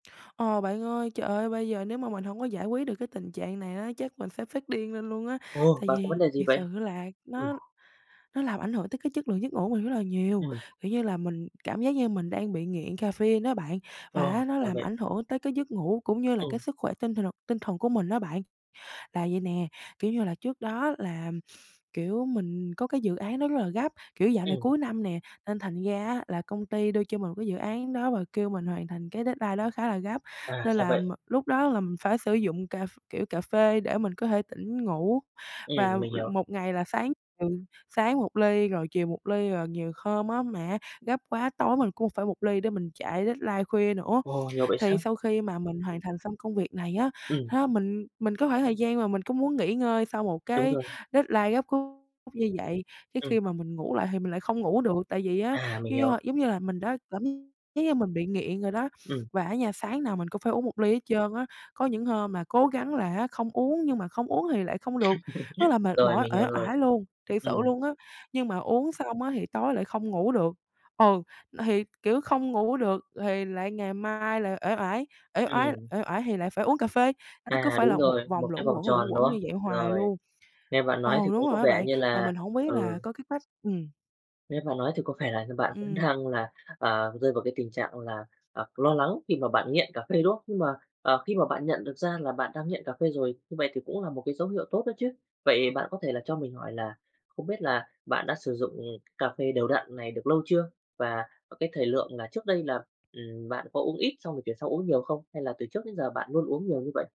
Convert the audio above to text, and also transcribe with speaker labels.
Speaker 1: Ờ, bạn ơi, trời ơi bây giờ nếu mà mình hông có giải quyết được cái tình trạng này á, chắc mình sẽ phát điên lên luôn á,
Speaker 2: Ồ,
Speaker 1: tại
Speaker 2: bạn có vấn
Speaker 1: vì
Speaker 2: đề gì
Speaker 1: thiệt
Speaker 2: vậy?
Speaker 1: sự là
Speaker 2: Ừm.
Speaker 1: nó nó làm ảnh hưởng tới cái chất lượng giấc ngủ mình rất là nhiều.
Speaker 2: Ừm.
Speaker 1: Kiểu như là, mình cảm giác như mình đang bị nghiện caffeine đó bạn
Speaker 2: Ờ,
Speaker 1: và á nó
Speaker 2: ra
Speaker 1: làm
Speaker 2: vậy.
Speaker 1: ảnh hưởng tới cái giấc ngủ cũng như là cái
Speaker 2: Ừm.
Speaker 1: sức khỏe tinh thần tinh thần của mình đó bạn. Là vậy nè, kiểu như là, trước đó là, kiểu, mình có cái dự án đó rất là gấp, kiểu dạo này
Speaker 2: Ừm.
Speaker 1: cuối năm nè, nên thành ra á là công ty đưa cho mình một cái dự án đó, và kêu mình hoàn thành cái deadline đó khá là gấp,
Speaker 2: À,
Speaker 1: nên
Speaker 2: ra
Speaker 1: là m
Speaker 2: vậy.
Speaker 1: lúc đó là mình phải sử dụng cà ph kiểu, cà phê để mình có thể tỉnh ngủ và
Speaker 2: Ừm, mình hiểu.
Speaker 1: một ngày là sáng, ừ, sáng 1 ly, rồi chiều 1 ly, rồi nhiều hôm á, mà gấp quá tối mình cũng phải 1 ly để mình chạy deadline khuya nữa.
Speaker 2: Ồ, nhiều vậy
Speaker 1: Thì
Speaker 2: sao?
Speaker 1: sau khi mà mình hoàn thành xong công việc này á,
Speaker 2: Ừm.
Speaker 1: á, mình mình cái khoảng thời gian mà mình cũng muốn nghỉ ngơi sau một
Speaker 2: Đúng
Speaker 1: cái
Speaker 2: rồi.
Speaker 1: deadline gấp rút như vậy, tới
Speaker 2: Ừm.
Speaker 1: khi mà mình ngủ lại thì mình lại không ngủ được, tại vì á,
Speaker 2: À, mình
Speaker 1: giống
Speaker 2: hiểu.
Speaker 1: như giống như là mình đã cảm giác như mình bị nghiện rồi đó.
Speaker 2: Ừm.
Speaker 1: Và á nha sáng nào mình cũng phải uống 1 ly hết trơn á. Có những hôm mà cố gắng là á không uống nhưng mà không uống thì lại không được, rất là mệt
Speaker 2: Rồi,
Speaker 1: mỏi,
Speaker 2: mình
Speaker 1: uể
Speaker 2: hiểu rồi.
Speaker 1: oải luôn, thiệt sự
Speaker 2: Ừm.
Speaker 1: luôn á, nhưng mà uống xong á, thì tối lại không ngủ được. Ừ, n thì, kiểu, không ngủ được lài lại ngày mai lại uể oải, uể oải
Speaker 2: Ừm.
Speaker 1: uể oải thì lại phải uống cà phê, nó cứ
Speaker 2: À,
Speaker 1: phải
Speaker 2: đúng
Speaker 1: là một
Speaker 2: rồi, một
Speaker 1: vòng
Speaker 2: cái
Speaker 1: luẩn
Speaker 2: vòng
Speaker 1: quẩn, luẩn
Speaker 2: tròn, đúng
Speaker 1: quẩn
Speaker 2: không?
Speaker 1: như vậy hoài
Speaker 2: Rồi,
Speaker 1: luôn.
Speaker 2: nghe bạn nói thì
Speaker 1: Ồ, đúng
Speaker 2: cũng có
Speaker 1: rồi á
Speaker 2: vẻ
Speaker 1: bạn,
Speaker 2: như
Speaker 1: mà
Speaker 2: là
Speaker 1: mình hổng biết là
Speaker 2: ừ.
Speaker 1: có cái cách ừm.
Speaker 2: Nghe bạn nói thì có vẻ là như bạn cũng
Speaker 1: Ừm.
Speaker 2: đang là, à, rơi vào cái tình trạng là, à, lo lắng khi mà bạn nghiện cà phê, đúng không? Nhưng mà, à, khi mà bạn nhận được ra là bạn đang nghiện cà phê rồi, như vậy thì cũng là một cái dấu hiệu tốt đó chứ. Vậy bạn có thể cho mình hỏi là không biết là bạn đã sử dụng cà phê đều đặn này được lâu chưa? Và cái thời lượng là trước đây là, ừm, bạn có uống ít xong rồi chuyển sang uống nhiều không? Hay là từ trước đến giờ bạn luôn uống nhiều như vậy?